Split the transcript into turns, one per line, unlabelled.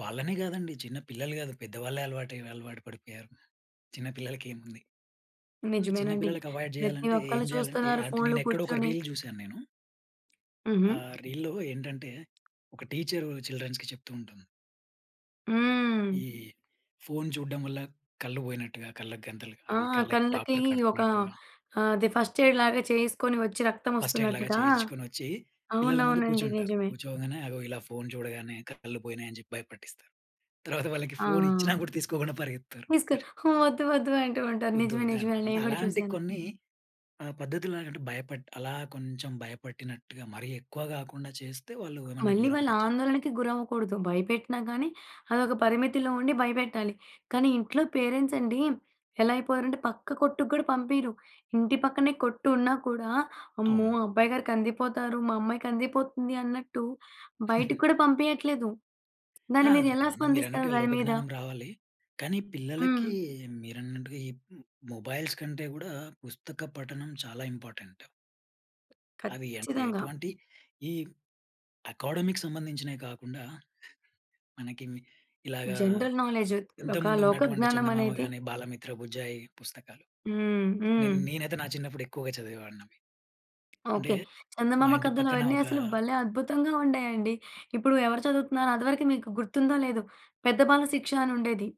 వాళ్ళనే గాదండి. చిన్న పిల్లలు గాదు, పెద్దవాళ్ళే అలవాటయి, అలవాటు పడిపోయారు. చిన్నపిల్లలకేముంది? అంటే
నిజమేనండి.
చిన్నపిల్లలకి అవాయిడ్
ప్రతి
జేయాలంటే, ఏం
ఒక్కళ్ళు
జేయాలంటే
చూస్తున్నారు
అంటే
ఫోన్‌లు
నేనెక్కడో ఒక
కూర్చొని.
రీల్ జూసాను నేను.
హుహు.
ఆ! రీల్‌లో ఏంటంటే, ఒక టీచరు చిల్డ్రన్స్‌కి చెప్తూంటుంది.
హ్మ్.
ఈ ఫోన్ చూడ్డం వల్ల కళ్ళు వోయినట్టుగా, కళ్ళకు గంతలు,
ఆ!
అవి కళ్ళకి
కళ్ళకి
డాక్టర్
ఒక
కడతన్నట్టుగా.
ఆహ్, అది ఫస్ట్ ఎయిడ్‌లాగా చేసుకొని వచ్చి
ఫస్ట్ ఎయిడ్‌లాగా
రక్తమోస్తున్నట్టుగా
చేయించుకొనొచ్చి, పిల్లల ముందు
అవునవునండి.
కూర్చుంటారు.
నిజమే.
కూర్చోంగనే అగో ఇలా ఫోన్ చూడగానే కళ్ళు పోయినాయి అని జెప్పి భయపెట్టిస్తారు. తర్వాత వాళ్ళకి ఫోనిచ్చినా
ఆ!
గూడా తీసుకోకుండా పరిగెత్తుతారు.
నీస్క హు వద్దు వద్దు అంటూ ఉంటారు.
ఒద్దు
నిజమే
ఒద్దు అంటారు.
నిజమేలే! నేను
అంటే
అని గూడా
అలాంటి
చూసాను.
కొన్ని ఆహ్, పద్ధతుల్లాగంటె భయపట్టి, అలా కొంచెం భయపెట్టినట్టుగా మరీ ఎక్కువ గాకుండా చేస్తే, వాళ్ళు ఏమన్నా
మళ్ళీ వాళ్ళు
దూరమయ్యే చా
ఆందోళనకు గురవ్వకూడదు భయపెట్టినా గాని, అదొక పరిమితిలో ఉండి భయపెట్టాలి. కానీ ఇంట్లో పేరెంట్సండి, ఎలా అయిపోయారంటే పక్క కొట్టుక్కూడా పంపియ్యరు. ఇంటి పక్కనే కొట్టున్నా కూడా, అమ్మో!
అవును.
అబ్బాయిగారు కందిపోతారు, మా అమ్మాయి కందిపోతుంది అన్నట్టు, బయటికి కూడా పంపియట్లేదు.
ఆ!
దాన్ని మీరు
అదే.
ఎలా స్పందిస్తారు
మీరన్నట్టుగా
దాని మీద?
లోకజ్ఞానం రావాలి. కానీ
హ్మ్.
పిల్లలకి మీరన్నట్టుగా ఈ మొబైల్స్ కంటే గూడా, పుస్తక పఠనం చాలా ఇంపార్టెంట్. అవి ఎ
ఖచ్చితంగా.
ఎటువంటి ఈ అకాడమీ‌కి సంబంధించినవి కాకుండా, మనకివి ఇలాగా
జనరల్‌నాలెడ్జ్ ఒక లోక
ఇంతముందున్నటువంటి చందమామ
జ్ఞానమనేది
గాని, బాలమిత్ర బుజ్జాయి పుస్తకాలు.
హ్మ్.
నేన్
హ్మ్.
నేనైతే నా చిన్నప్పుడెక్కువగా చదివేవాడిని అవి. అంటే,
ఓకే.
మా
చందమామ
ఇంటి
కథలు
పక్కన
అవన్నీ
ఒకా
అసలు భలే అద్భుతంగా! ఉండాయండి. ఇప్పుడు ఎవరు చదువుతున్నారు? అది వరకు మీకు గుర్తుందో, లేదో? పెద్దబాల శిక్ష అనుండేది.